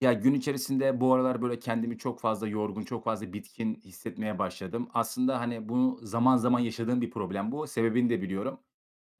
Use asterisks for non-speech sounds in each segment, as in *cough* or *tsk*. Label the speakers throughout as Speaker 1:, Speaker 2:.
Speaker 1: Ya, gün içerisinde bu aralar böyle kendimi çok fazla yorgun, çok fazla bitkin hissetmeye başladım. Aslında, hani, bu zaman zaman yaşadığım bir problem bu, sebebini de biliyorum.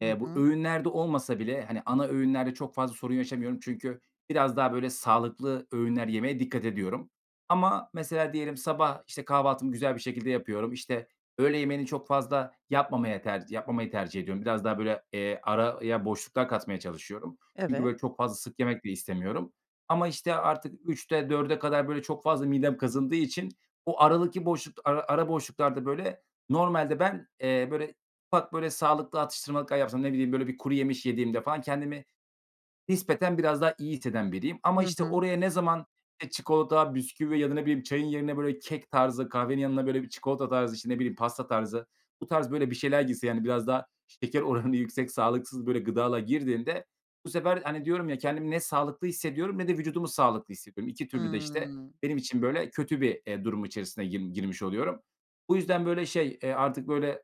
Speaker 2: Hı
Speaker 1: Eee, bu
Speaker 2: hı.
Speaker 1: öğünlerde olmasa bile, hani, ana öğünlerde çok fazla sorun yaşamıyorum çünkü biraz daha, böyle, sağlıklı öğünler yemeye dikkat ediyorum. Ama mesela diyelim sabah, işte, kahvaltımı güzel bir şekilde yapıyorum, işte, öğle yemeğini çok fazla yapmamaya tercih yapmamayı tercih ediyorum. Biraz daha, böyle, eee, araya boşluklar katmaya çalışıyorum çünkü,
Speaker 2: Evet.
Speaker 1: böyle, çok fazla sık yemek de istemiyorum ama, işte, artık 3.00'te 4.00'e kadar, böyle, çok fazla midem kazındığı için o aradaki boşlukta, ara ara boşluklarda, böyle, normalde ben, eee, böyle, ufak, böyle, sağlıklı atıştırmalıklar yapsam ne bileyim, böyle, bir kuru yemiş yediğimde falan kendimi nispeten biraz daha iyi hisseden biriyim. Ama,
Speaker 2: Hı
Speaker 1: işte,
Speaker 2: hı.
Speaker 1: oraya ne zaman, eee, çikolata, bisküvi ya da ne bileyim çayın yerine, böyle, kek tarzı, kahvenin yanına, böyle, bir çikolata tarzı, işte, ne bileyim, pasta tarzı, bu tarz, böyle, bir şeyler girse, yani, biraz daha şeker oranı yüksek sağlıksız, böyle, gıdalar girdiğinde bu sefer, hani, diyorum ya, kendimi ne sağlıklı hissediyorum ne de vücudumu sağlıklı hissediyorum. 2 türlü de, işte,
Speaker 2: Hımm.
Speaker 1: benim için, böyle, kötü bir, eee, durum içerisine girm girmiş oluyorum. Bu yüzden, böyle, şey, eee, artık, böyle,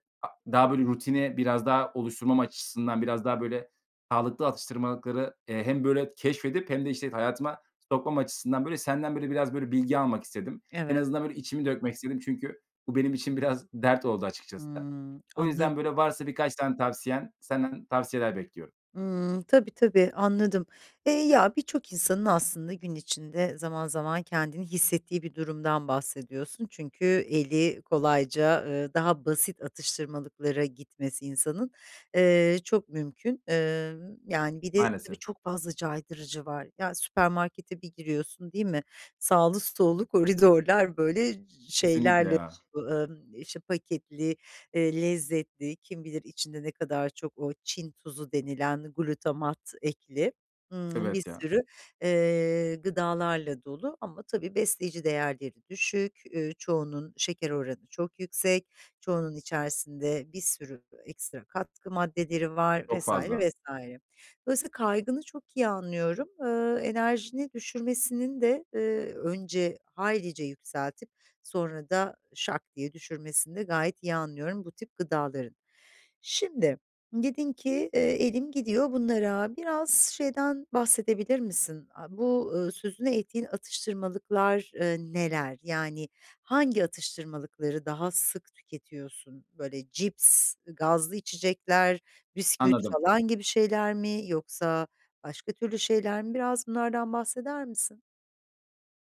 Speaker 1: daha, böyle, rutini biraz daha oluşturmam açısından biraz daha, böyle, sağlıklı atıştırmalıkları, eee, hem böyle keşfedip hem de, işte t hayatıma sokmam açısından, böyle, senden, böyle, biraz, böyle, bilgi almak istedim. En
Speaker 2: Evet.
Speaker 1: azından, böyle, içimi dökmek istedim çünkü bu benim için biraz dert oldu açıkçası.
Speaker 2: Hımm,
Speaker 1: O yüzden,
Speaker 2: anladı
Speaker 1: böyle, varsa birkaç tane tavsiyen, senden tavsiyeler bekliyorum.
Speaker 2: Hımm, tabii, tabii, anladım. Eee, ya, birçok insanın aslında gün içinde zaman zaman kendini hissettiği bir durumdan bahsediyorsun çünkü eli kolayca, eee, daha basit atıştırmalıklara gitmesi insanın, eee, çok mümkün. Emm, yani, bir de tabii
Speaker 1: Maalesef.
Speaker 2: çok fazla caydırıcı var. Ya, süpermarkete bir giriyorsun, değil mi? Sağlı sollu koridorlar, böyle, cı
Speaker 1: Kesinlikle
Speaker 2: şeylerle
Speaker 1: ya.
Speaker 2: bö ımm, işte, paketli, eee, lezzetli kim bilir içinde ne kadar çok o Çin tuzu denilen glutamat ekli, *tsk* ımm, bir
Speaker 1: Evet ya.
Speaker 2: sürü, eee, gıdalarla dolu ama tabii besleyici değerleri düşük. Ü çoğunun şeker oranı çok yüksek. Çoğunun içerisinde bir sürü ekstra katkı maddeleri var
Speaker 1: Çok
Speaker 2: vs.
Speaker 1: fazla.
Speaker 2: vs. Dolayısıyla kaygını çok iyi anlıyorum. Iıı, enerjini düşürmesinin de, eee önce haylice yükseltip sonra da şak diye düşürmesini de gayet iyi anlıyorum bu tip gıdaların. Şimdi, dedin ki, eee, "elim gidiyor bunlara" Biraz şeyden bahsedebilir misin? A bu, ııı, sözünü ettiğin atıştırmalıklar, eee, neler? Yani, hangi atıştırmalıkları daha sık tüketiyorsun? Böyle, cips, gazlı içecekler, bisküvi
Speaker 1: Anladım.
Speaker 2: falan gibi şeyler mi yoksa başka türlü şeyler mi? Biraz bunlardan bahseder misin?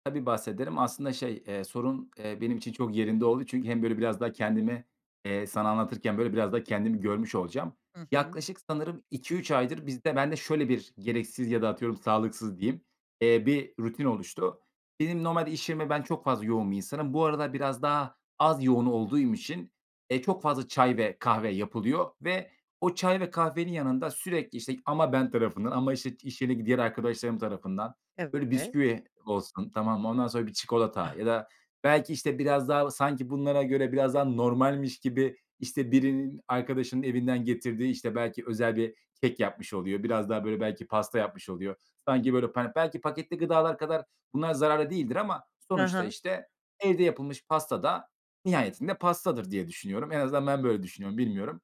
Speaker 1: Tabii, bahsederim. Aslında, şey, eee, sorun, eee, benim için çok yerinde oldu çünkü hem böyle biraz daha kendimi, eee, sana anlatırken, böyle, biraz daha kendimi görmüş olacağım.
Speaker 2: Hı hı.
Speaker 1: Yaklaşık sanırım 2-3 aydır bizde bende şöyle bir gereksiz ya da atıyorum sağlıksız diyeyim, eee, bir rutin oluştu. Benim normalde iş yerime ben çok fazla yoğun bir insanım. Bu aralar biraz daha az yoğun olduğum için e, çok fazla çay ve kahve yapılıyor ve o çay ve kahvenin yanında sürekli, işte, ama ben tarafından ama, işte, iş yeri diğer arkadaşlarım tarafından böyle
Speaker 2: Evet.
Speaker 1: bisküvi olsun, tamam mı, ondan sonra bir çikolata ya da belki, işte, biraz daha sanki bunlara göre biraz daha normalmiş gibi, işte, birinin arkadaşının evinden getirdiği, işte, belki özel bir kek yapmış oluyor. Biraz daha, böyle, belki pasta yapmış oluyor. Sanki, böyle, pa belki paketli gıdalar kadar bunlar zararlı değildir ama
Speaker 2: Hı
Speaker 1: sonuçta,
Speaker 2: hı.
Speaker 1: işte, evde yapılmış pasta da nihayetinde pastadır diye düşünüyorum. En azından ben böyle düşünüyorum. Bilmiyorum.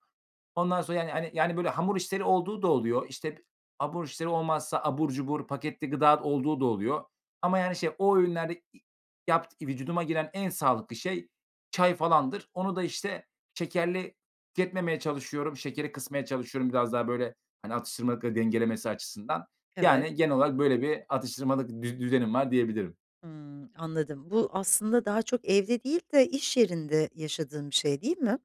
Speaker 1: Ondan sonra, yani, hani, böyle hamur işleri olduğu da oluyor. İşte, abur işleri olmazsa abur cubur paketli gıda olduğu da oluyor ama, yani, şey, o öğünlerde i yapt i vücuduma giren en sağlıklı şey çay falandır. Onu da işte şekerli tüketmemeye çalışıyorum. Şekeri kısmaya çalışıyorum biraz daha böyle, hani, atıştırmalıkları dengelemesi açısından.
Speaker 2: Evet.
Speaker 1: Yani, genel olarak böyle bir atıştırmalık düz düzenim var diyebilirim.
Speaker 2: Hımm, anladım. Bu aslında daha çok evde değil de iş yerinde yaşadığın bir şey, değil mi?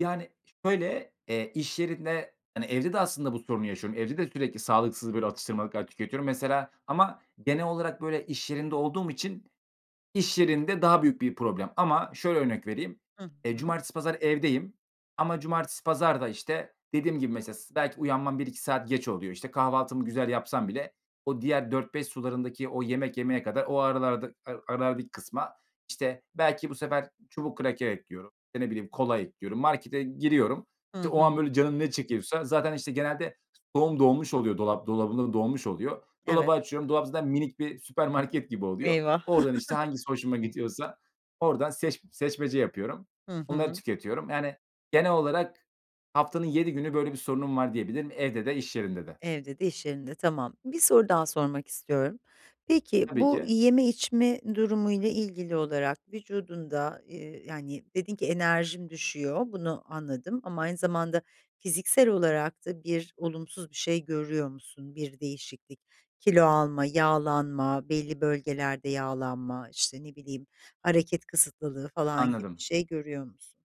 Speaker 1: Yani, şöyle, eee, iş yerinde, hani, evde de aslında bu sorunu yaşıyorum. Evde de sürekli sağlıksız böyle atıştırmalıklar tüketiyorum mesela ama genel olarak, böyle, iş yerinde olduğum için, iş yerinde daha büyük bir problem. Ama şöyle örnek vereyim,
Speaker 2: Hı
Speaker 1: eee,
Speaker 2: hı.
Speaker 1: cumartesi, pazar evdeyim ama cumartesi, pazar da, işte, dediğim gibi mesela s belki uyanmam 1-2 saat geç oluyor. İşte, kahvaltımı güzel yapsam bile, o diğer 16:00-17:00 sularındaki, o yemek yemeye kadar, o aralarda ara arardaki kısma, işte, belki bu sefer çubuk kraker ekliyorum. Eee, ne bileyim, kola ekliyorum. Markete giriyorum,
Speaker 2: Hı
Speaker 1: işte, o an
Speaker 2: hı.
Speaker 1: böyle canım ne çekiyorsa, zaten, işte, genelde doğum dolmuş oluyor, dolap dolabım da dolmuş oluyor. Dolabı
Speaker 2: Evet.
Speaker 1: açıyorum, dolap zaten minik bir süpermarket gibi oluyor.
Speaker 2: Eyvah.
Speaker 1: Oradan, işte,
Speaker 2: *chuckles*
Speaker 1: hangisi hoşuma gidiyorsa, oradan seç seçmece yapıyorum.
Speaker 2: Hı
Speaker 1: Onları
Speaker 2: hı.
Speaker 1: tüketiyorum, yani, genel olarak haftanın 7 günü böyle bir sorunum var diyebilirim, evde de iş yerinde de.
Speaker 2: Evde de iş yerinde. Tamam. 1 soru daha sormak istiyorum. Peki,
Speaker 1: Tabii
Speaker 2: bu
Speaker 1: ki.
Speaker 2: yeme içme durumuyla ilgili olarak vücudunda, ııı, yani, dedin ki, "enerjim düşüyor." Bunu anladım ama aynı zamanda fiziksel olarak da bir olumsuz bir şey görüyor musun? Bir değişiklik, kilo alma, yağlanma, belli bölgelerde yağlanma, işte, ne bileyim, hareket kısıtlılığı falan gibi bir
Speaker 1: Anladım.
Speaker 2: şey görüyor musun?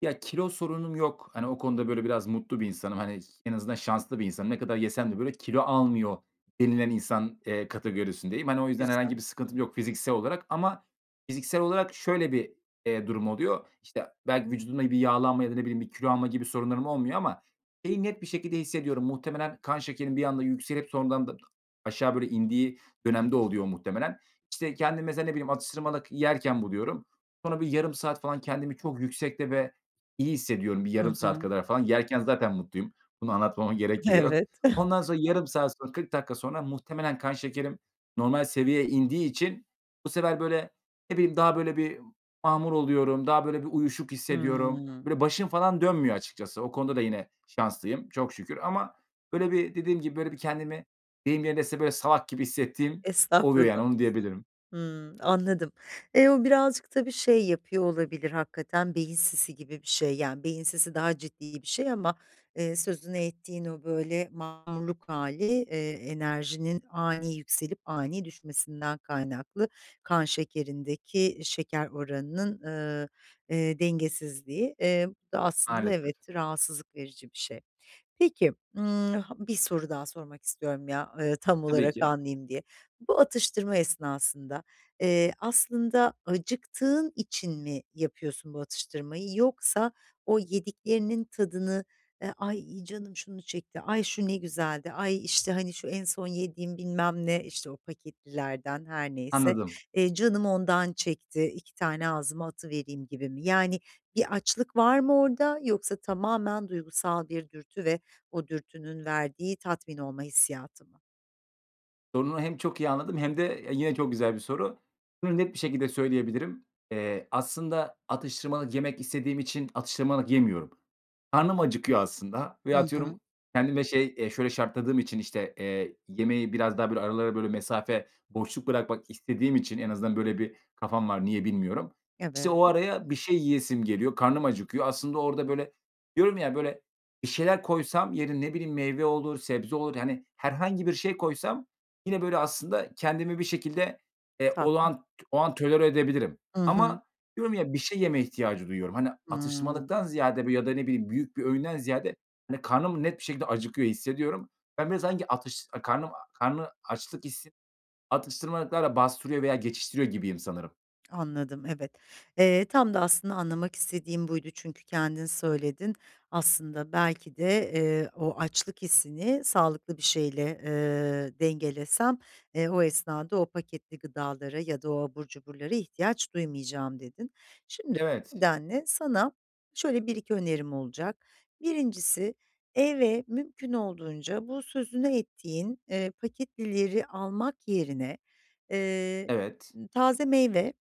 Speaker 1: Ya, kilo sorunum yok. Hani, o konuda, böyle, biraz mutlu bir insanım. Hani, ş en azından şanslı bir insanım. "Ne kadar yesem de böyle kilo almıyor" denilen insan, eee, kategorisindeyim. Hani, o yüzden herhangi
Speaker 2: Güzel.
Speaker 1: bir sıkıntım yok fiziksel olarak ama fiziksel olarak şöyle bir, eee, durum oluyor. İşte, belki vücudumda bir yağlanma ya da, ne bileyim, bir kilo alma gibi sorunlarım olmuyor ama şeyi net bir şekilde hissediyorum. Muhtemelen kan şekerim bir anda yükselip sonradan da aşağı böyle indiği dönemde oluyor, muhtemelen. İşte, kendimi mesela, ne bileyim, atıştırmalık yerken buluyorum. Sonra bir yarım saat falan, kendimi çok yüksekte ve iyi hissediyorum bir yarım
Speaker 2: Hı
Speaker 1: saat
Speaker 2: hı.
Speaker 1: kadar falan. Yerken zaten mutluyum. Bunu anlatmama gerek bile yok.
Speaker 2: Evet. *chuckles*
Speaker 1: Ondan sonra, yarım saat sonra, 40 dakika sonra muhtemelen kan şekerim normal seviyeye indiği için, bu sefer, böyle, ne bileyim, daha böyle bir mahmur oluyorum. Daha böyle bir uyuşuk hissediyorum. Böyle,
Speaker 2: Hımm.
Speaker 1: başım falan dönmüyor açıkçası. O konuda da yine şanslıyım çok şükür ama, böyle, bir dediğim gibi, böyle, bir kendimi deyim yerinde ise, böyle, "salak" gibi hissettiğim oluyor,
Speaker 2: Estağfurullah.
Speaker 1: yani. Onu diyebilirim.
Speaker 2: Hımm, anladım. Eee, o birazcık tabii şey yapıyor olabilir, hakikaten, beyin sisi gibi bir şey, yani, beyin sisi daha ciddi bir şey ama, eee, sözünü ettiğin o böyle mahmurluk hâli, eee, enerjinin ani yükselip ani düşmesinden kaynaklı, kan şekerindeki şeker oranının, ııı, eee, dengesizliği. Eee, bu da aslında, evet,
Speaker 1: Maalesef.
Speaker 2: rahatsızlık verici bir şey. Peki, ımm, ha 1 soru daha sormak istiyorum, ya, ııı, tam
Speaker 1: Tabii
Speaker 2: olarak
Speaker 1: ki.
Speaker 2: anlayayım diye. Bu atıştırma esnasında, eee, aslında acıktığın için mi yapıyorsun bu atıştırmayı yoksa o yediklerinin tadını, eee, "ay canım şunu çekti", "ay şu ne güzeldi", "ay, işte, hani, şu en son yediğim, bilmem ne" işte, o paketlilerden her neyse,
Speaker 1: Anladım.
Speaker 2: eee, "canım ondan çekti, 2 tane ağzıma atıvereyim" gibi mi? Yani, bir açlık var mı orada yoksa tamamen duygusal bir dürtü ve o dürtünün verdiği tatmin olma hissiyatı mı?
Speaker 1: Sorunu hem çok iyi anladım hem de yine çok güzel bir soru. Bunu net bir şekilde söyleyebilirim. Eee, aslında atıştırmalık yemek istediğim için atıştırmalık yemiyorum. Karnım acıkıyor aslında veya
Speaker 2: Hı
Speaker 1: atıyorum,
Speaker 2: hı.
Speaker 1: kendime, şey, eee, şöyle şartladığım için işte, eee, yemeği biraz daha böyle aralara böyle mesafe boşluk bırakmak istediğim için en azından böyle bir kafam var. Niye bilmiyorum. İşte, o
Speaker 2: Evet.
Speaker 1: araya bir şey yiyesim geliyor. Karnım acıkıyor. Aslında orada böyle diyorum ya; böyle bir şeyler koysam, yerin ne bileyim, meyve olur, sebze olur, yani, herhangi bir şey koysam yine böyle aslında kendimi bir şekilde, eee,
Speaker 2: Tatmin.
Speaker 1: olağan o an tolere edebilirim
Speaker 2: Hı hı.
Speaker 1: ama diyorum ya, bir şey yeme ihtiyacı duyuyorum. Hani,
Speaker 2: Hıı.
Speaker 1: atıştırmalıktan ziyade ya da ne bileyim büyük bir öğünden ziyade, hani, karnım net bir şekilde acıkıyor hissediyorum. Ben biraz sanki atış karnım karnı açlık hissi, atıştırmalıklarla bastırıyor veya geçiştiriyor gibiyim sanırım.
Speaker 2: Anladım. Evet. Eee, tam da aslında anlamak istediğim buydu çünkü kendin söyledin. Aslında, belki de, eee, o açlık hissini sağlıklı bir şeyle, eee, dengelesem, eee, o esnada o paketli gıdalara ya da o abur cuburlara ihtiyaç duymayacağım, dedin. Şimdi
Speaker 1: Evet.
Speaker 2: *unintelligible* sana şöyle 1-2 önerim olacak. 1'incisi eve mümkün olduğunca bu sözünü ettiğin, eee, paketlileri almak yerine, eee,
Speaker 1: Evet.
Speaker 2: taze meyve,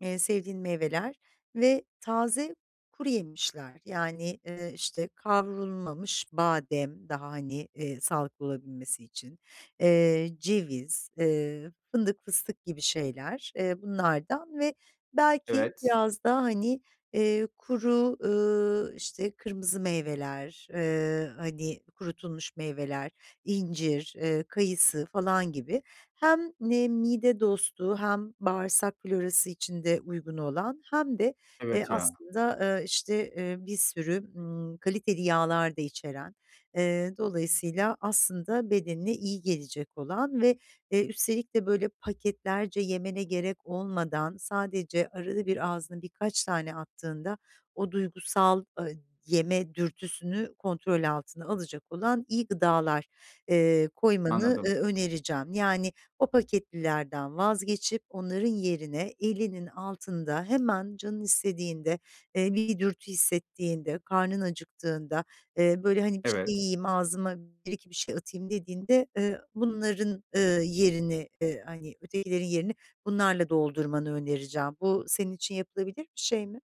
Speaker 2: eee, sevdiğin meyveler ve taze kuruyemişler. Yani, eee, işte, kavrulmamış badem daha hani, eee, sağlıklı olabilmesi için, eee, ceviz, eee, fındık, fıstık gibi şeyler, eee, bunlardan ve belki
Speaker 1: Evet.
Speaker 2: biraz da hani, eee, kuru ııı, işte, kırmızı meyveler, eee, hani, kurutulmuş meyveler, incir, eee, kayısı falan gibi hem ne mide dostu hem bağırsak florası için de uygun olan hem de, eee,
Speaker 1: Evet, ya.
Speaker 2: aslında, eee, işte, eee, bir sürü, ımm, kaliteli yağlar da içeren, eee, dolayısıyla, aslında bedenine iyi gelecek olan ve eee, üstelik de böyle paketlerce yemene gerek olmadan, sadece arada bir ağzına birkaç tane attığında o duygusal, aaa, yeme dürtüsünü kontrol altına alacak olan iyi gıdalar, eee, koymanı,
Speaker 1: Anladım.
Speaker 2: eee, önereceğim. Yani, o paketlilerden vazgeçip onların yerine elinin altında, hemen canın istediğinde, eee, bir dürtü hissettiğinde, karnın acıktığında, eee, böyle, hani, bir şey
Speaker 1: Evet.
Speaker 2: yiyeyim, ağzıma 1-2 bir şey atayım dediğinde, eee, bunların, ııı, yerini, eee, hani, ötekilerin yerini bunlarla doldurmanı önereceğim. Bu senin için yapılabilir bir şey mi?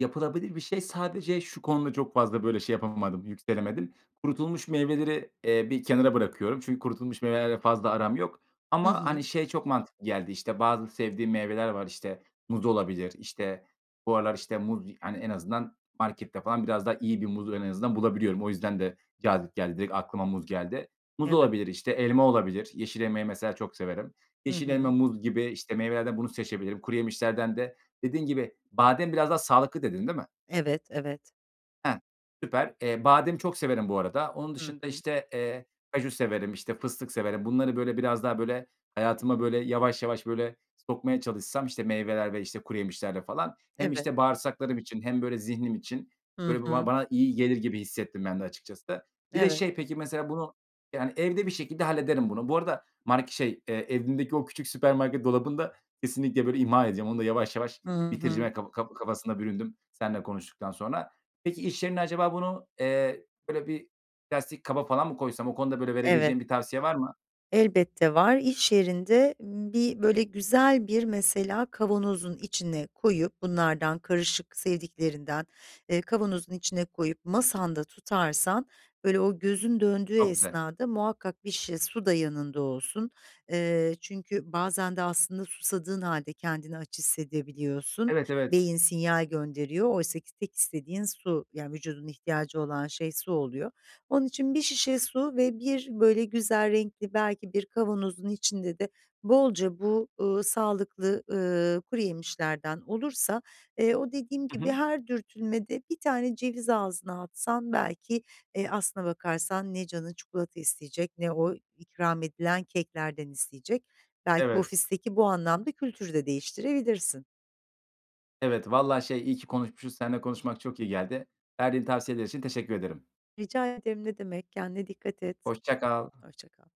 Speaker 1: Yapılabilir bir şey sadece şu konuda çok fazla böyle şey yapamadım, yükselemedim. Kurutulmuş meyveleri, eee, bir kenara bırakıyorum. Çünkü kurutulmuş meyvelerle fazla aram yok.
Speaker 2: Hı
Speaker 1: Ama,
Speaker 2: hı.
Speaker 1: hani, şey çok mantıklı geldi, işte, bazı sevdiğim meyveler var, işte, muz olabilir. İşte, bu aralar, işte, muz, hani, en azından markette falan biraz daha iyi bir muz en azından bulabiliyorum. O yüzden de cazip geldi, direkt aklıma muz geldi. Muz
Speaker 2: Evet.
Speaker 1: olabilir, işte. Elma olabilir. Yeşil elmayı, mesela, çok severim.
Speaker 2: Hı
Speaker 1: Yeşil elma,
Speaker 2: hı.
Speaker 1: muz gibi, işte, meyvelerden bunu seçebilirim. Kuruyemişlerden de dediğin gibi badem biraz daha sağlıklı dedin, değil mi?
Speaker 2: Evet, evet.
Speaker 1: Hah. Süper. Eee, badem çok severim bu arada. Onun
Speaker 2: Hı
Speaker 1: dışında,
Speaker 2: hı.
Speaker 1: işte, eee, kaju severim, işte, fıstık severim. Bunları böyle biraz daha böyle hayatıma böyle yavaş yavaş böyle sokmaya çalışsam, işte, meyveler ve, işte, kuru yemişlerle falan hem,
Speaker 2: Evet.
Speaker 1: işte, bağırsaklarım için hem böyle zihnim için
Speaker 2: Hı
Speaker 1: böyle bu
Speaker 2: hı.
Speaker 1: bana iyi gelir gibi hissettim ben de açıkçası. Bir de
Speaker 2: Evet.
Speaker 1: şey peki, mesela, bunu, yani, evde bir şekilde hallederim bunu. Bu arada mark şey, eee, evimdeki o küçük süpermarket dolabını da kesinlikle böyle imha ediyorum. Onu da yavaş yavaş
Speaker 2: Hı
Speaker 1: bitireceğime
Speaker 2: hı.
Speaker 1: kap kaf kafasına büründüm seninle konuştuktan sonra. Peki, iş yerinde acaba bunu, eee, böyle bir plastik kaba falan mı koysam? O konuda böyle
Speaker 2: Evet.
Speaker 1: verebileceğin bir tavsiye var mı?
Speaker 2: Elbette var. İş yerinde bir böyle güzel bir, mesela, kavanozun içine koyup bunlardan karışık sevdiklerinden, eee, kavanozun içine koyup masanda tutarsan böyle o gözün döndüğü
Speaker 1: Çok güzel.
Speaker 2: esnada muhakkak bir şişe su da yanında olsun. Eee, çünkü bazen de, aslında, susadığın hâlde kendini aç hissedebiliyorsun.
Speaker 1: Evet, evet.
Speaker 2: Beyin sinyal gönderiyor. Oysaki tek istediğin su, yani, vücudun ihtiyacı olan şey su oluyor. Onun için bir şişe su ve bir böyle güzel renkli belki bir kavanozun içinde de bolca bu, ııı, sağlıklı, ııı, kuru yemişlerden olursa, eee, o dediğim
Speaker 1: Hı
Speaker 2: gibi
Speaker 1: hı.
Speaker 2: her dürtülmede 1 tane ceviz ağzına atsan belki, eee, aslına bakarsan ne canın çikolata isteyecek ne o ikram edilen keklerden isteyecek. Belki
Speaker 1: Evet.
Speaker 2: ofisteki bu anlamda kültürü de değiştirebilirsin.
Speaker 1: Evet, vallahi, şey, iyi ki konuşmuşuz, seninle konuşmak çok iyi geldi. Verdiğin tavsiyeler için teşekkür ederim.
Speaker 2: Rica ederim ne demek, kendine dikkat et.
Speaker 1: Hoşça kal.
Speaker 2: Hoşça kal.